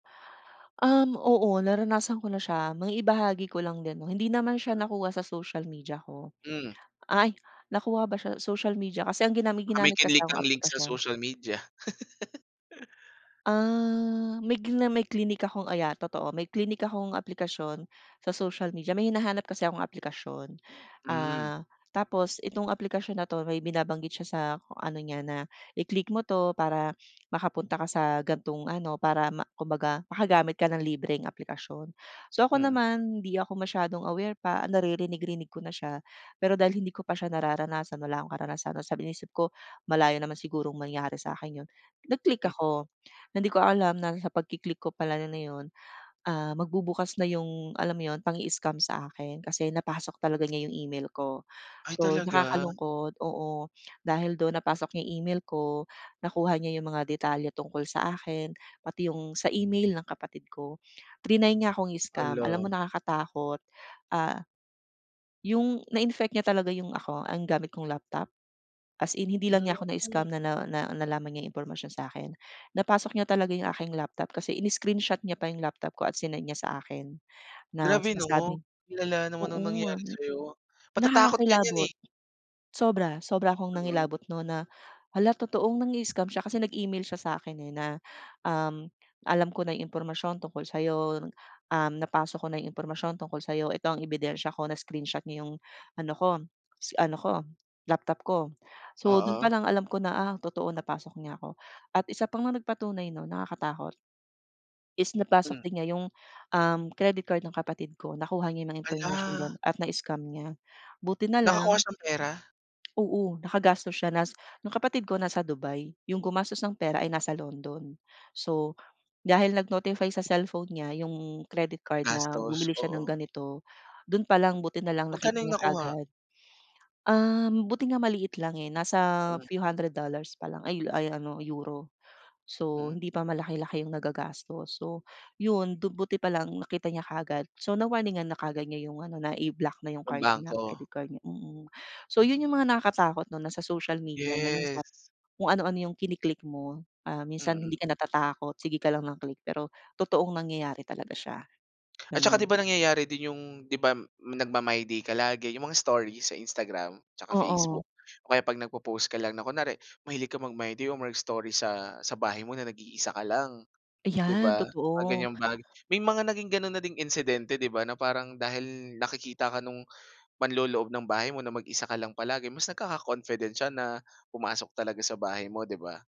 Um, oo, naranasan ko na siya. Maibahagi ko lang din 'no. Hindi naman siya Mm. nakuha sa social media ko. Mm. Ay, nakuha ba siya sa social media? Kasi ang ginami Baka may ginamit kasi kinlik akong kang link sa aplikasyon. social media? Ah, may gina may klinik akong ah, yeah, totoo. May klinik akong aplikasyon sa social media, may hinahanap kasi akong aplikasyon. Mm. Ah, tapos itong aplikasyon na 'to may binabanggit siya sa ano niya, na i-click mo 'to para makapunta ka sa gan'tong ano, para ma kumbaga, makagamit ka ng libreng aplikasyon. So, ako Mm. naman hindi ako masyadong aware pa, naririnig-rinig ko na siya, pero dahil hindi ko pa siya nararanasan wala akong karanasan tapos sabi inisip ko malayo naman sigurong mangyari sa akin yun. Nag-click M ako na hindi ko alam na sa pagki-click ko pala yun, ah, magbubukas na 'yong alam mo 'yon, pang-i-scam sa akin kasi napasok talaga niya 'yong email ko. Ay So, talaga? nakakalungkot oo, dahil do'n napasok niya email ko, nakuha niya 'yong mga detalye tungkol sa akin pati 'yong sa email ng kapatid ko. Triny niya akong i-scam. Alam mo Hala. nakakatakot. Ah, yung na-infect niya talaga 'yong ako, ang gamit kong laptop? As in hindi lang Mm. niya ako na-scam, na na na nalaman niya 'yong impormasyon sa'kin. Napasok niya talaga 'yong aking laptop kasi ini-screenshot niya pa 'yong laptop ko at sinend niya sa akin na Grabe 'no. sinasabing Ang lala naman ng oo. nangyari sa'yo, matatakot ka niyan, Nakakakilabot. eh. Sobra, sobra akong Mm. nangilabot 'no na hala, totoong nang-i-scam siya kasi nag-email siya sa akin, eh, na, um, "Alam ko na yung impormasyon tungkol sa'yo. Um, napasok ko na 'yong impormasyon tungkol sa'yo. Ito ang ebidensya ko." Na-screenshot niya 'yong ano ko s ano ko, laptop ko. So, do'n pa Oo. lang alam ko na, "Ah, totoong napasok niya ako." At isa pa ngang nagpatunay 'no, nakakatakot is napasok Mm. din nga yung, um, credit card ng kapatid ko. Nakuha niya 'yong impormasyon Hala. dun at na-scam niya. Buti Nakakuha nalang siyang pera? Oo, nakagastos siya nas 'yong kapatid ko nasa Dubai. Yung gumastos ng pera ay nasa London. So, dahil nag-notify sa cellphone niya yung credit card na Gastos, bumili siya ng oo. ganito, dun palang buti nalang nakita Magkano yung niya nakuha? kaagad. Um, buti nga maliit lang, eh. Nasa Mm. few hundred dollars pa lang ay ay ano, euro. So, Mm. hindi pa malaki-laki yung nagagastos. So, 'yon, do'n buti pa lang nakita niya kaagad. So, na-warningan na kaagad niya 'yong ano, na iblock na 'yong Ng card niya, bangko. credit card niya, mm. So, 'yon 'yong mga nakakatakot 'no, na sa social media na Yes. minsan kung ano-ano 'yong kini-click mo, ah, minsan Mm. hindi ka natatakot, sige ka lang ng click, pero totoong nangyayari talaga siya, At saka gano'n. 'di ba nangyayari din yung di ba nagma-my day ka lagi, yung mga story sa Instagram tsaka Oo. Facebook o kaya 'pag nagpo-post ka lang na kunwari, mahilig ka mag-My Day or mag-story sa sa bahay mo na nag-iisa ka lang, di Ayan, ba? Mga totoo. ganyang bagay may mga naging gano'n na ding insidente, di ba, na parang dahil nakikita ka nung manloloob ng bahay mo na mag-isa ka lang palagi, mas nagkaka-confident siya na pumasok sa bahay mo, di ba?